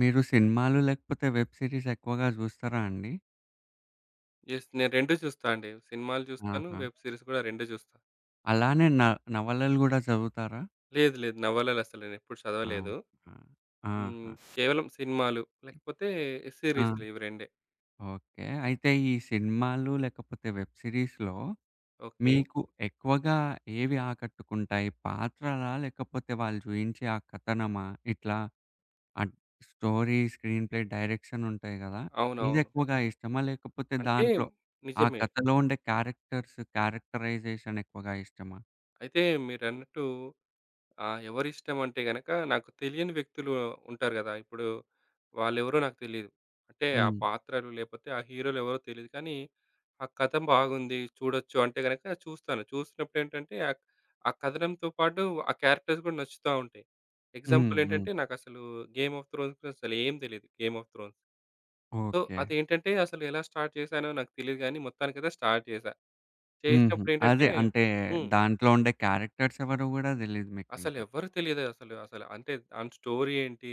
మీరు సినిమాలు లేకపోతే, వెబ్ సీరీస్ ఎక్కువగా చూస్తారా అండి? యెస్, నేను 2 చూస్తా అండి. సినిమాలు జూస్తాను. ఆహా! వెబ్ సీరీస్ గూడా 2 జూస్తా. అలానే న నవలలు గూడా జదువుతారా? లేదు. లేదు. నవలలసలు నేను ఎప్పుడు చదవలేదు. అవునా? హ్మ్. ఆహా! కేవలం సినిమాలు, లేకపోతే ఆ! సీరీస్లు ఇవి రెండే. ఓకే. అయితే ఈ సినిమాలు లేకపోతే వెబ్ సీరీస్‌లో ఓకే. మీకు ఎక్కువగా ఏవి ఆకట్టుకుంటాయి పాత్రలా? లేకపోతే వాళ్ళు చూయించే ఆ కథనమా? ఇట్లా అడ్ స్టోరీ, స్క్రీన్ ప్లే, డైరెక్షన్ ఉంటాయి గదా! ఇది అవునవును. ఎక్కువగా ఇష్టమా? లేకపోతే అంటే, దాంట్లో ఆ నిజమే. కతలో ఉండే, క్యారెక్టర్స్ క్యారెక్టరైజేషన్ ఎక్కువగా ఇష్టమా? అయితే మీరన్నట్టు ఆహ్, ఎవరిష్టం అంటే గనక, నాకు తెలియని వ్యక్తులు ఉంటారు గదా! ఇప్పుడు వాళ్ళెవరో నాకు తెలీదు. అంటే ఆ హ్మ్. పాత్రలు లేపోతే, ఆ హీరోలు ఎవరో తెలీదు. కానీ ఆ కథం బాగుంది, చూడొచ్చు అంటే గనక చూస్తాను. చూసినప్పుడేంటంటే అక్ ఆ కథనంతో పాటు ఆ క్యారెక్టర్స్ గూడా నచ్చుతా ఉంటాయి. హ్మ్. ఎగ్జాంపుల్ హ్మ్. ఏంటంటే, నాకసలు 'గేమ్ ఆఫ్ త్రోన్స్‌' అసలు ఏం తెలీదు, 'game of thrones.' So, okay. అదేంటంటే, అసలు ఎలా స్టార్ట్ చేసానో నాకు తెలీదు గానీ, మొత్తానికి అయితే స్టార్ట్ జేశా. హుహు. చేసినప్పుడు ఏంటంటే అదే అంటే, హ్మ్. దాంట్లో ఉండే క్యారెక్టర్స్ ఎవరో గూడా దెలీదు అసలు మీకింకా. ఎవ్వరూ తెలీదే అసలు, అసలు. అంటే దాని స్టోరీ ఏంటి?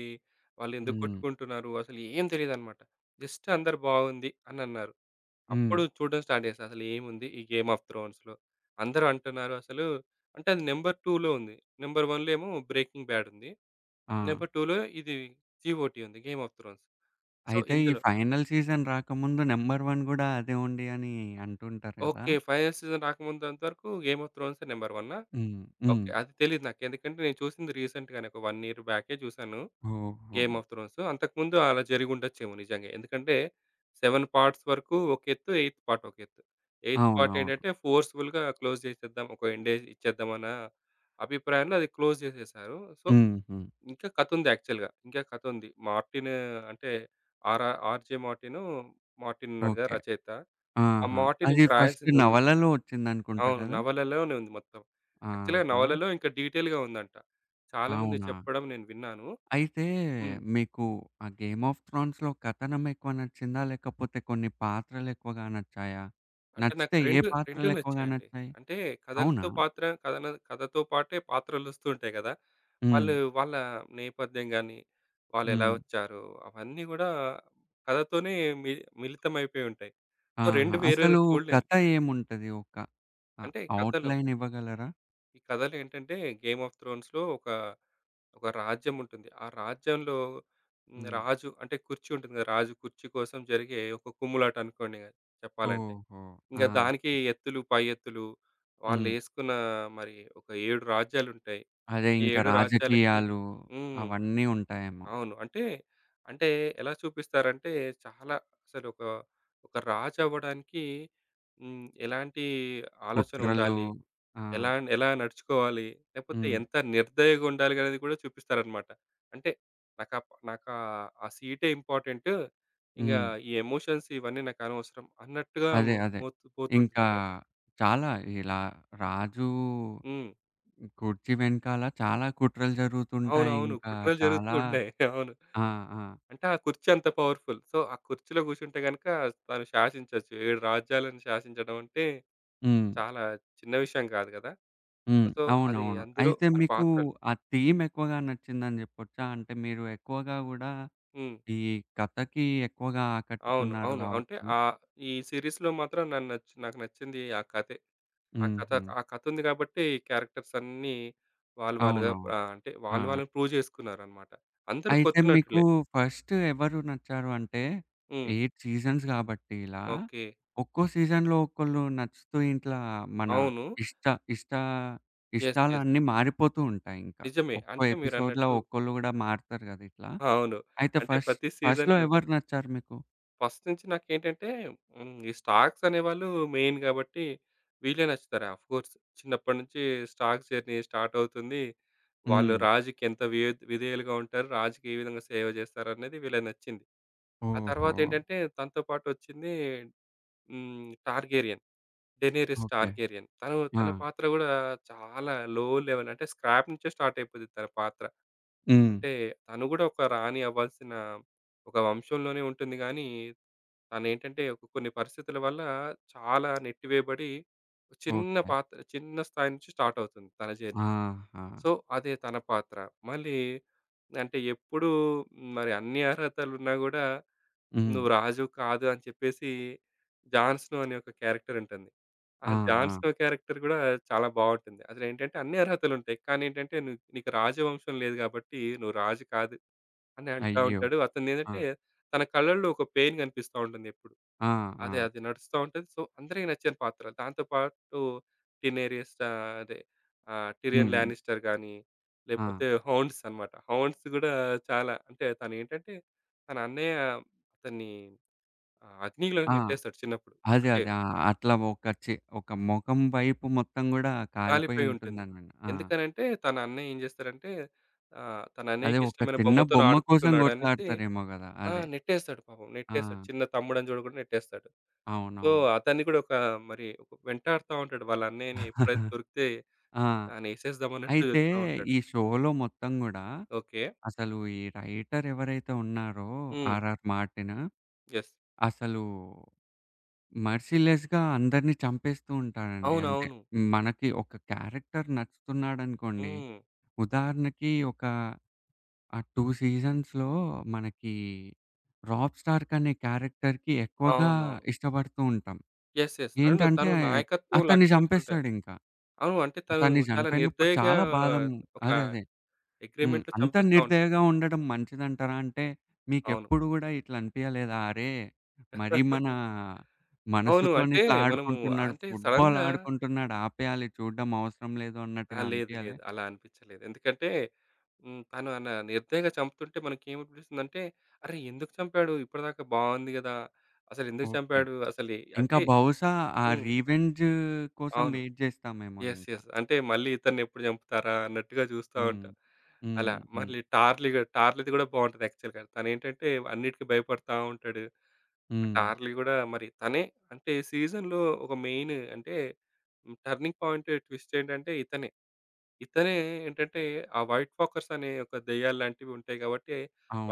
వాళ్ళు ఎందుకు హ్మ్. కొట్టుకుంటున్నారు? అసలు ఏం తెలీదనమాట. జస్ట్ అందరూ బావుంది అనన్నారు. హ్మ్. అప్పుడు చూడడం స్టార్ట్ జేశా అసలు ఏముంది? ఈ 'గేమ్ ఆఫ్ త్రోన్స్‌లో?' అందరూ అంటున్నారు అసలు అంటే, అది నెంబర్ 2లో ఉంది. నంబర్ 1లో ఏమో 'బ్రేకింగ్ బ్యాడ్' ఉంది. ఆ! నంబర్ 2లో ఇది, జీఓటీ ఉంది, 'గేమ్ ఆఫ్ త్రోన్స్.' సో, అయితే, ఈ ఇందులో ఫైనల్ సీజన్ రాకముందు, నంబర్ 1 గూడా అదే ఉండి అని అంటుంటారు గదా! ఓకే. ఫైనల్ సీజన్ రాకముందంతవరకు, 'గేమ్ ఆఫ్ త్రోన్సే' నెంబర్ వన్నా? హ్మ్. హ్మ్. ఓకే, అది తెలీదు నాకు. ఎందుకంటే నేను చూసింది రీసెంట్‌‌గానే ఒక ఇయర్ బ్యాకే జూసాను 'గేమ్ ఓహో! Of thrones.' అంతకుముందు అలా జరిగి ఉండొచ్చేమో నిజంగే. ఎందుకంటే, సెవెన్ పార్ట్స్ వరకు ఒక ఎత్తు, ఎయిత్ పార్ట్ ఒకెత్తు. ఎయిత్ పార్ట్ అవునవును. ఏంటంటే, ఫోర్స్‌బుల్‌గా క్లోజ్ జేసేద్దాం, ఒక ఎండేజ్ ఇచ్చేద్దాం అన్న అభిప్రాయంలో అది, క్లోజ్ జేసేసేశారు. సో, హుహు. ఇంకా కతుంది యాక్చువల్‌గా. ఇంకా కతుంది. మార్టిను అంటే, ఆర 'ఆర్‌జే మార్టిను,' 'మార్టిన్' ఉన్నాడుగా ఓకే. రచయిత. ఆ ఆహా! 'మార్టిన్' అది ఇంక ఫస్ట్ రాయాల్సిదుంది. నవలలో ఒచ్చిందనుకుంటా అవును. గదా! నవలలోనే ఉంది మొత్తం. యాక్చుల్‌గా ఆహా! నవలలో ఇంకా డీటెయిల్‌గా ఉందంట. చాలామంది అవునా! చెప్పడం నేను విన్నాను. అయితే, హ్మ్. మీకు ఆ 'గేమ్ ఆఫ్ త్రోన్స్‌లో' కథనం ఎక్కువ నచ్చిందా? లేకపోతే కొన్ని పాత్రలు ఎక్కువగా నచ్చాయా? అంటే నాకు నచ్చితే ఏ రెండు, రెండు పాత్రలు ఎక్కువగా నచ్చాయండి. నచ్చాయి? అంటే అవునా? కథలతో పాత్ర, కథన కథతో పాటే పాత్రలోస్తూంటాయి గదా! వాళ్ళు హ్మ్. వాళ్ళ నేపథ్యం గాని, వాళ్లెలా హ్మ్. వచ్చారు? అవన్నీ గూడా కథతోనే మి మిళితంమైపోయి ఉంటాయి. సో, ఆహా! రెండు వేర్వేరు అసలు చూడలేం. కత ఏముంటది ఒక ఆహ్, అంటే కతలో ఔట్‌లైన్ ఇవ్వగలరా? ఈ కథలేంటంటే 'గేమ్ ఆఫ్ త్రోన్స్‌లో' ఒక ఒక రాజ్యం ఉంటుంది. ఆ రాజ్యంలో హ్మ్, హ్మ్. రాజు అంటే కుర్చీ ఉంటుంది గదా! రాజు కుర్చీ కోసం జరిగే ఒక కుమ్ములాటనుకోండిగ చెప్పాలంటే. ఓహో! ఆ! ఇంగా దానికి ఎత్తులు, పై ఎత్తులు. హ్మ్. వాళ్ళేసుకున్న మరి ఒక 7 రాజ్యాలుంటాయి. అదే ఇంకా 7 రాజ్యాలకి రాజకీయాలు హ్మ్. అవన్నీ ఉంటాయేమో. అవును. అంటే అంటే ఎలా చూపిస్తారంటే చాలా అసలు ఒక, ఒక రాజవ్వడానికి హ్మ్. ఎలాంటి ఆలోచన కుట్రలు. ఉండాలి? ఆ! ఎలా ఎలా నడుచుకోవాలి? లేకపోతే హ్మ్. ఎంత నిర్దయగుండాలి అనేది గూడా చూపిస్తారనమాట. అంటే నా కప్ నాకా ఆ సీటే ఇంపార్టెంటు. ఇంగా హ్మ్. ఈ ఎమోషన్స్ ఇవన్నీ నాకనవసరం అన్నట్టుగా అదే అదే. పోతు ఇంకా పోతుంటుందన్నమాట. చాలా ఇలా రాజు హ్మ్. కుర్చి వెనకాల చాలా కుట్రలు జరుగుతుంటాయి. అవునవును. ఇంకా కుట్రలు జరుగుతూ చాలా ఉన్నాయి. అవును. ఆ! ఆ! అంటే ఆ కుర్చీ అంత పవర్‌ఫుల్. సో, ఆ కుర్చీలో కూర్చుంటే గనక, తను శాసించొచ్చు. 7 రాజ్యాలను శాసించడమంటే, హ్మ్. చాలా చిన్న విషయం గాదు గదా! హ్మ్. సో అది అవునవును. అందులో అయితే మరి మీకు పాత్రలు ఆ థీమ్ ఎక్కువగా నచ్చిందని జెప్పొచ్చా? అంటే మీరు ఎక్కువ గూడా హ్మ్. ఈ కథకి ఎక్కువగా అవును. ఆకట్టుకున్నారు అవును. అంటే గావచ్చు? ఆ ఈ సిరీస్‌లో మాత్రం నాన్ను నచ్చి నాకు నచ్చింది ఆ కథే. ఆ కథ హుహు. ఆ కథుంది గాబట్టి, క్యారెక్టర్సన్నీ వాళ్ళు వాళ్ళుగా అవునవును. ఆహ్, అంటే వాళ్ళు ఆ! వాళ్ళని ప్రూవ్ జేసుకున్నారనమాట. అందరూ అయితే కొత్త మీకు నటులే. ఫస్టు ఎవరు నచ్చారు? అంటే హ్మ్. 8 సీజన్స్ గాబట్టి ఇలా, ఓకే. ఒక్కో సీజన్‌లో ఒక్కళ్ళు నచ్చుతు ఇట్లా మన అవును. ఇష్ట ఇష్టా యెస్. యెస్. ఇష్టాలన్నీ మారిపోతూ ఉంటాయింకా. నిజమే. ఒక్కో అంటే ఎపిసోడ్‌లో మీరన్నట్టు ఒక్కోళ్ళు గూడా మారుతారు గదా! ఇట్లా. అవును. అయితే అంటే ఫస్ట్ ప్రతి ఫస్ట్‌లో సీజన్‌లో ఎవరు నచ్చారు మీకు? ఫస్ట్ నుంచి నాకేంటంటే హ్మ్. ఈ స్టాక్స్ అనేవాళ్ళు మెయిన్ గాబట్టి వీళ్ళే నచ్చుతారు ఆఫ్‍కోర్స్ చిన్నప్పటి నుంచి స్టాక్స్ జర్నీ స్టార్ట్ అవుతుంది. వాళ్ళు హ్మ్. రాజుకి ఎంత విఎద్ విధేయులుగా ఉంటారు? రాజుకి ఏ విధంగా సేవ జేస్తరనేది వీళ్ళది నచ్చింది. ఆ ఓహో! తర్వాతేంటంటే తనతో పాటు వచ్చింది హ్మ్. 'టార్గేరియన్. Daenerys okay. టార్గేరియన్.' తను ఆ! తన పాత్ర గూడా చాలా లో లెవెల్ అంటే స్క్రాప్ నుంచే స్టార్టయిపోద్ది తన పాత్ర. హ్మ్. అంటే తనుగుడా ఒక రాణి అవ్వాల్సిన ఒక వంశంలోనే ఉంటుంది. గానీ తనేంటంటే ఒక కొన్ని పరిస్థితుల వల్ల చాలా నెట్టివేయబడి, చిన్న ఓకే. పాత్ర, చిన్న స్థాయి నుంచి స్టార్టవుతుంది తన జర్నీ. ఆహా! సో అదే తన పాత్ర. మళ్ళీ అంటే ఎప్పుడూ మరి అన్ని అర్హతలున్నా గూడా "నువ్వు హ్మ్. రాజువి కాదు." అని చెప్పేసి. 'జాన్‍స్నో' అనే ఒక క్యారెక్టర్ ఉంటుంది. ఆ ఆ! ఆ! 'జాన్‍స్నో' క్యారెక్టర్ గూడా చాలా బావుంటుంది. అసలేంటంటే అన్ని అర్హతలుంటాయి. కానీ ఏంటంటే "నుకు నీకు రాజవంశం లేదు గాబట్టి నువ్వు రాజు కాదు." అని అంటా అయ్యో! ఉంటాడు. అతను ఆ! ఏదంటే తన కళ్ళలో ఒక పెయిన్ గనిపిస్తా ఉంటుందెప్పుడు. ఆ! అదే ఆ! అదే నడుస్తా ఉంటది. సో అందరికీ నచ్చిన పాత్ర. దాంతో పాటు 'టినేరియస్తా' అదే. ఆ! 'టిరియన్ హ్మ్. లానిస్టర్' గానీ, ఆ! లేకపోతే 'హౌన్స్' అనమాట. 'హౌన్స్' గూడా చాలా అంటే తనేంటంటే తన అన్నయ్య అతన్ని ఆహ్, అగ్నిలోకి ఆ! నెట్టేస్తాడు చిన్నప్పుడు. అదే. అంటే అదే. ఆ అట్లా ఒక చే ఒక మొఖం వైపు మొత్తం గూడా కాలిపోయి కాలిపోయుంటుంది. ఉంటుందన. ఆ! ఎందుకనంటే తన అన్నయ్య ఏం జేస్తారంటే ఆహ్, తన అదే. ఒక అన్నయ్యకిష్టమైన చిన్న బొమ్మ కోసం బొమ్మతోనాడుకుంటున్నాడనేసి, గొట్లాడతారేమో గదా! ఆ! అదే. నెట్టేస్తాడు పాపం. నెట్టేస్తాడు. ఆ! చిన్న తమ్ముడని చూడకుండా నెట్టేస్తాడు. సో అవునవును. అతన్ని గూడా ఒక మరి ఒక వెంటాాడుతా ఉంటాడు. వాళ్ళన్నయ్యని ఎప్పుడైతే దొరికితే ఆ! అని ఏసేద్దామన్నట్టు అయితే జూస్తా ఉంటాడు. ఈ షోలో మొత్తం గుడా ఓకే. అసలు ఈ రైటర్ ఎవరైతే ఉన్నారో హ్మ్. 'ఆర్ఆర్ మార్టినా.' యెస్. అసలు మర్సీలెస్‍గా అందరిని చంపేస్తూ ఉంటాాడండి. అంటే అవునవును. మనకి ఒక క్యారెక్టర్ నచ్చుతున్నాడనుకోండి. హ్మ్. ఉదాహరణకి ఒక ఆ టూ సీజన్స్‌లో మనకి 'రాప్ స్టార్క్' అనే క్యారెక్టర్‍కి ఎక్కువగా అవునవును. ఇష్టపడుతూ ఉంటాం. యెస్. యెస్. అండ్ ఏంటంటే తను నాయకత్వం అతన్ని లక్ష్య ఉంటయి. చంపేస్తాడింకా. అవును. అంటే తను అతన్ని చాలా చనిపోయినప్పుడు నిర్దయగా చాలా బాధం ఒక అదే అదే. హ్మ్. అగ్రీమెంట్‍లో అంత చంపేస్తా ఉంటడు. నిర్దయగా ఉండడం మంచిదంటారా? అంటే అవును. మీకెప్పుడు గూడా ఇట్లా అనిపియలేదా? అరే! మరి మన అవును. మనసుతోని అంటే ఇట్లా మనము ఆడుకుంటున్నాడు, అంటే ఫుట్‍బాల్ సడెన్‍గా ఆడుకుంటున్నాడు, ఆపెయాలి. చూడడం అవసరం లేదు ఆ! అన్నట్టుగా లేదు. అన్పియలే? లేదు. అలా అనిపించలేదు. ఎందుకంటే హ్మ్. తను అన నిర్దయగా చంపుతుంటే మనకేమనిపిస్తుందంటే అరే! ఎందుకు చంపాడు ఇప్పటిదాకా బావుంది కదా! అసలెందుకు ఓకే. చంపాడు? అసలు ఇంకా అంటే బహుశా ఆ హ్మ్. రీవెంజ్ కోసం అవును. వెయిట్ జేస్తామేమో యెస్. ఇంకా. యెస్. అంటే మళ్ళీ ఇతన్నిఎప్పుడు జంపుతారా అన్నట్టుగా జుస్తా హ్మ్. ఉంటా. అలా హుహు. మళ్ళీ 'టార్లీ టార్లీది' గూడా బావుంటది యాక్చువల్‍గా. తనేంటంటే అన్నిటికి భయపడతా ఉంటాడు. ఆ హ్మ్. 'టార్లీ' గూడా మరి తనే అంటే సీజన్‍లో ఒక మెయిన్ అంటే హ్మ్. టర్నింగ్ పాయింట్, ట్విస్ట్ ఏంటంటే ఇతనే. ఇతనే ఏంటంటే ఆ 'వైట్ ఫాకర్స్' అనే యొక్క దెయ్యాల్లాంటివుంటాయి గాబట్ట,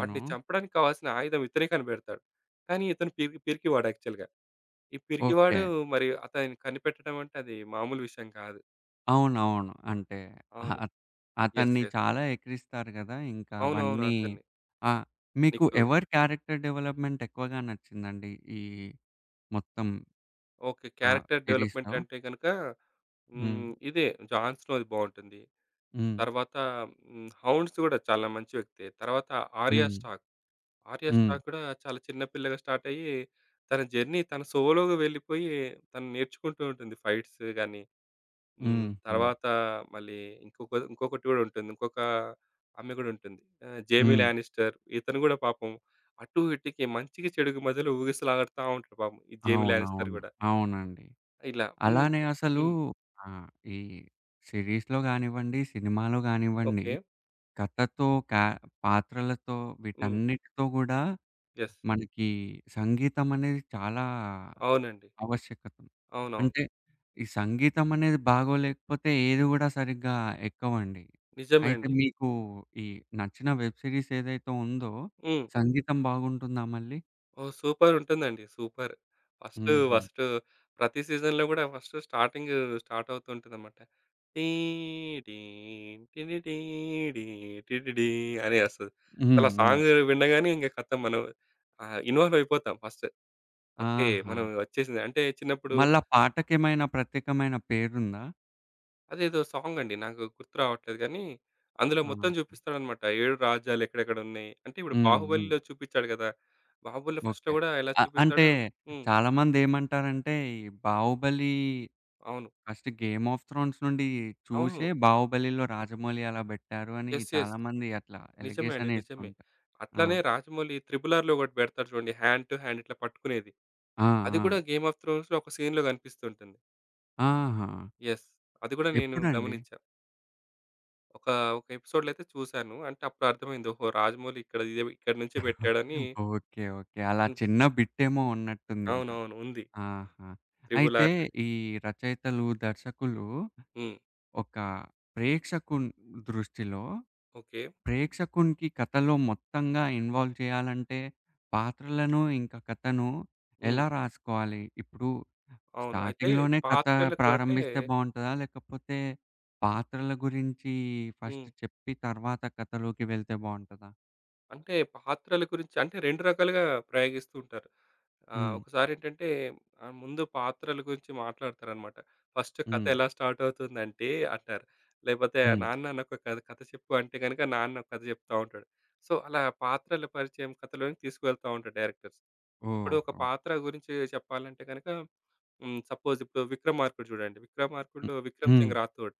వాటిని చంపడానికి కావాల్సిన ఆయుధం ఇతనే కనిపెడతాడు. కానీ ఇతను పె పిరికివాడు యాక్చువల్‍గా. ఈ పిరికివాడు ఓకే. మరి అతనిని కనిపెట్టడమంటే అది మామూలు విషయం కాదు. అవునవును. అంటే అవును. అ యెస్. అతన్ని యెస్. చాలా ఎకరిస్తారు కదా! ఇంకా అవునవును. అవన్నీ అంతన్ని. ఆ! మీకు నీకు ఎవరి క్యారెక్టర్ డెవలప్‌మెంట్ ఎక్కువగా నచ్చిందండి? ఈ మొత్తం ఓకే. ఆహ్, క్యారెక్టర్ డెవలప్‌మెంట్ సిరీస్‌లో. అంటే గనక, హ్మ్. హ్మ్. ఇదే 'జాన్‌ స్టోరీ' బావుంటుంది. హ్మ్. తర్వాత హ్మ్. 'హౌండ్స్' కూడా చాలా మంచి వ్యక్తే. తర్వాత 'ఆర్యా హ్మ్. స్టార్క్'. 'ఆర్యా హ్మ్. స్టార్క్' కూడా చాలా చిన్న పిల్లగా స్టార్ట్ అయ్యి, తన జర్నీ, తన సోలోగా వెళ్లిపోయి, తను నేర్చుకుంటూ ఉంటుంది. ఫైట్స్ గానీ, హ్మ్. హుహు. తర్వాత మళ్లీ ఇంకొక ఇంకొకటి కూడా ఉంటుంది. ఇంకొక ఆమె గూడా ఉంటుంది. ఆహ్, 'జైమీ హ్మ్. లానిస్టర్'. ఇతను కూడా పాపం అటూ, ఇటూకి మంచికి, చెడుకి మధ్యలో ఊగిసలాడతా ఉంటాడు పాపం. ఈ 'జైమీ లానిస్టర్' అవునవును. కూడా. అవునండి. ఇలా, హ్మ్. అలానే అసలు హ్మ్. ఆహ్, ఈ సిరీస్‌లో గానివ్వండి, సినిమాలో గానివ్వండి. ఓకే. కథతో, క పాత్రలతో హ్మ్. వీటన్నిటితో కూడా యెస్. మనకి సంగీతం అనేది చాలా అవునండి. ఆవశ్యకతం. అవునవును. అంటే ఈ సంగీతం అనేది బాగోలేకపోతే, ఏదీ కూడా సరిగ్గా ఎక్కవండి. నిజమే అయితే అండి. మీకు ఈ నచ్చిన వెబ్ సిరీస్ ఏదైతే ఉందో, హ్మ్. సంగీతం బాగుంటుందా మళ్ళీ? ఓహ్! సూపరుంటుందండి. సూపర్. ఫస్టు హుహు. ఫస్టు ప్రతి సీజన్‌లో గూడా ఫస్ట్ స్టార్టింగు స్టార్ట్ అవుతూ ఉంటదనమాట. టీడి టిటిడి టిటిడి అని ఒస్తది. హ్మ్. అసలు హ్మ్. సాంగు వినగాన్నే ఇంగా ఖతం మనం ఆహ్, ఇన్వాల్వ్ అయిపోతాం ఫస్టు. ఓకే. మనం ఆహా! వచ్చేసింది. అంటే చిన్నప్పుడు మళ్ళా పాటకేమైన ప్రత్యేకమైన పేరుందా? అదేదో సాంగండి. నాకు గుర్తు రావట్లేదు గానీ. అందులో ఆ! మొత్తం జూపిస్తాడనమాట. 7 రాజ్యాలెక్కడెక్కడున్నాయి. అంటే ఇప్పుడు హ్మ్. హ్మ్. 'బాహుబలిలో' చూపిచాడు గదా! 'బాహుబలిలో' ఫస్ట్‌లో ఓకే. గూడా ఎలా ఆహ్, అంటే చూపిస్తాడో హ్మ్. చాలామంది ఏమంటారంటే ఈ 'బాహుబలి' అవును. 'ఫస్ట్ గేమ్ ఆఫ్ త్రోన్స్' నుండి చూసే ఆహో! 'బాహుబలిలో' 'రాజమౌళి' అలా బెట్టారు అని యస్. యస్. చాలామంది అట్లా నిజమే అండి. నిజమే. ఎలిగేషనేస్తుంటా ఆ! అట్లనే 'రాజమౌళి' ట్రిబుల్ ఆర్‌లో ఒకటి పెడతాడు చూడండి. హ్యాండ్ టు హ్యాండ్ ఇట్లా పట్టుకునేది. ఆ! అది ఆ! కూడా 'గేమ్ ఆఫ్ త్రోన్స్‌లో' ఒక సీన్‌లో గనిపిస్తూంటుంది. ఆహా! యస్. అది గూడా నేను ఎప్పుడండి? గమనిచ్చా. ఒక, ఒక ఎపిసోడ్‌లో అయితే చూసాను. అంటే అప్పుడర్థమైంది ఓహో! రాజమౌళి ఇక్కడ ఇదే ఇక్కడి నుంచే పెట్టాడని... ఓకే. ఓకే. అలా చిన్న అనిపిచ్చి బిట్టేమో ఉన్నట్టుందింకా. అవునవును. ఉంది. ఆహా! త్రిబుల్ అయితే ఆర్‌లో‌ది. ఈ రచయితలు, దర్శకులు హ్మ్. ఒక ప్రేక్షకుని దృష్టిలో ఓకే. ప్రేక్షకునికి కథలో మొత్తంగా ఇన్వాల్వ్ చేయాలంటే పాత్రలను ఇంకా కథను. హ్మ్. ఎలా రాసుకోవాలి? ఇప్పుడు అవును. అయితే స్టార్టింగ్‌లోనే కథ పాత్రలకు అంటే ప్రారంభిస్తే బావుంటదా? లేకపోతే పాత్రల గురించి ఫస్ట్ హ్మ్. చెప్పి తర్వాత కథలోకి వెళ్తే బావుంటదా? అంటే పాత్రల గురించి అంటే 2 రకాలుగా ప్రయోగిస్తూ ఉంటారు. ఆహ్, హ్మ్. ఒకసారేంటంటే ఆహ్, ముందు పాత్రల గురించి మాట్లాడతారనమాట. ఫస్ట్ కథ హ్మ్. ఎలా స్టార్ట్ అవుతుందంటే అంటారు. లేపోతే హ్మ్. నాన్న నాకొక కథ కథ చెప్పు అంటే గనక, నాన్న ఒక కథ చెప్తా ఉంటాడు. సో, అలా పాత్రల పరిచయం కథలోని తీసుకవెళ్తా ఉంటారు డైరెక్టర్స్. ఇప్పుడు ఒక ఓహో! పాత్ర గురించి చెప్పాలంటే గనక హ్మ్. సపోజ్ ఇప్పుడు 'విక్రమార్కుడు' జూడండి. హ్మ్, 'విక్రమార్కుడు‌లో విక్రమ్ హ్మ్. సింగ్ రాథోడ్'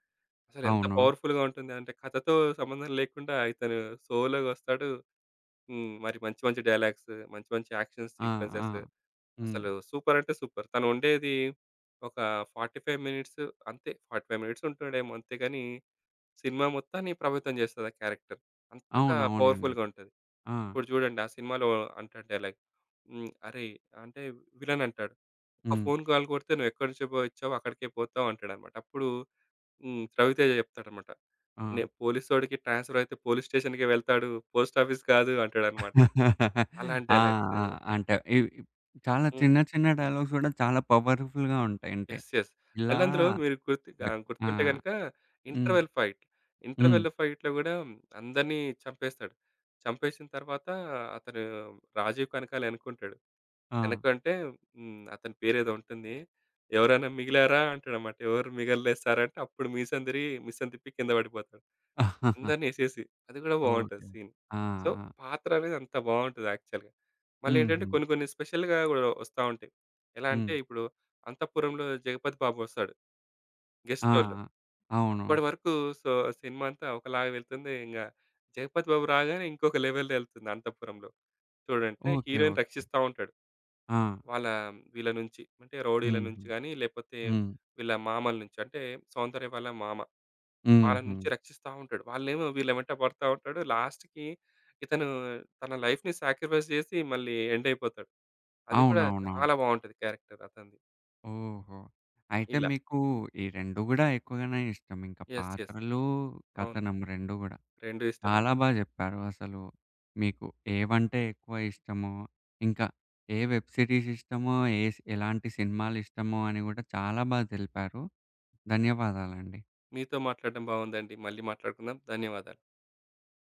అసలెంత అవును. పవర్‌ఫుల్‌గా ఉంటుందంటే కథతో సంబంధం లేకుండా ఇతను సోలోగొస్తాడు. హ్మ్. మరి మంచి మంచి డైలాగ్స్, మంచి మంచి యాక్షన్స్ ఆ! ఆ! సీక్వెన్సెస్, హ్మ్. అసలు సూపరంటే సూపర్. తనుండేది ఒక 45 మినిట్స్ అంతే, 45 మినిట్స్ ఉంటుండేమో అంతేగానీ, సినిమా మొత్తాన్ని ప్రభావితం జేస్తది ఆ క్యారెక్టర్. అంతగా అవునవునండి. పవర్‌ఫుల్‌గా ఉంటది. ఆ! ఇప్పుడు జూడండి ఆ సినిమాలో అంటాడు డైలాగ్ హ్మ్. అరెయ్! అంటే విలనంటాడు. "ఒక హ్మ్. ఫోన్ కాల్ కొడితే నువ్వు ఎక్కడి నుంచే చుబ ఒచ్చావో అక్కడికే పోతావు." అంటాడనమాట. అప్పుడు. హ్మ్. రవితేజ చెప్తాడమాట. నే ఆ! "పోలీసోడికి ట్రాన్స్‌ఫరయితే పోలీస్ స్టేషన్‌కే వెళ్తాడు, పోస్టాఫీస్ కాదు." అంటాడనమాట. అలాంటి ఆ! డైలాగ్స్. ఆ! అంటే ఇ చాలా హ్మ్. చిన్న చిన్న డైలాగ్స్ గూడా చాలా పవర్‌ఫుల్‌గా ఉంటాయంటే. యెస్. యెస్. ఇలా మళ్ళందులో మీరు గుర్తు ఆహ్, ఆ! గుర్తుంటే గనక హ్మ్. Interval fight. హ్మ్. ఇంటర్వెల్‌లో ఫైట్‌లో గూడా అందరిని చంపేస్తాడు. చంపేసిన తర్వాత అతను రాజీవ్ కనకాలెనకుంటాడు, ఆ! ఎనకంటే హ్మ్. అతని పేరేదో ఉంటుంది. "ఎవరైనా మిగిలారా" అంటాడనమాట. "ఎవరు మిగల్లే సారంటే" అప్పుడు మీసం దిరిగి, మీసం తిప్పి కింద పడిపోతాడు. అందరిని ఏసేసి. అది గూడా ఓకే. బావుంటది సీన్. ఆ! సో ఆ! పాత్రనేది అంత బావుంటది యాక్చువల్‌గా. మళ్ళీ ఏంటంటే హుహు. కొన్ని కొన్ని స్పెషల్‌గా గూడా ఒస్తా ఉంటాయి. ఎలా అంటే హ్మ్. ఇప్పుడు అంతఃపురంలో 'జగపతి బాబు' వస్తాడు ఆ! గెస్ట్ రోలో అవును. అప్పడి వరకు సో సినిమాంతా ఒకలాగా వెళ్తుంది. ఇంగ 'జగపతి బాబు' రాగానే ఇంకొక లెవెల్ ఎళ్తుంది అంతపురంలో. చూడంటే ఓకే. Heroine okay. రక్షిస్తా ఉంటాడు. ఆ! వాళ్ళ వీళ్ళ నుంచి అంటే రౌడీల హుహు. నుంచి గానీ, లేపోతే హ్మ్. వీళ్ళ మామల నుంచి అంటే 'సౌందర్య' వల్ల మామ. వాళ్ళ నుంచి హుహు. రక్షిస్తా ఉంటాడు. వాళ్ళేమో వీళ్ళు వెంట పడతా ఉంటాడు. లాస్ట్‌కి ఇతను తన లైఫ్‌ని సాక్రిఫైస్ జేసి మళ్ళీ ఎండ్ అయిపోతాడు. అది కూడా అవునవునవును. చాలా బావుంటది క్యారెక్టర్ అతనిది. ఓహో! అయితే ఇలా. మీకు ఈ రెండు గూడా ఎక్కువగానే ఇష్టమింకా యెస్. యెస్. పాత్రలు, అవును. కథనం రెండు గూడా. 2 ఇష్టమండి. చాలా బా చెప్పారు అసలు. మీకు ఏవంటే ఎక్కువ ఇష్టమో, ఇంకా ఏ వెబ్ సిరీస్ ఇష్టమో, ఏస్ ఎలాంటి సినిమాలిష్టమో అని గూడా చాలా బా తెలిపారు. ధన్యవాదాలండి. మీతో మాట్లాడడం బావుందండి. మళ్ళీ మాట్లాడుకుందాం. ధన్యవాదాలు.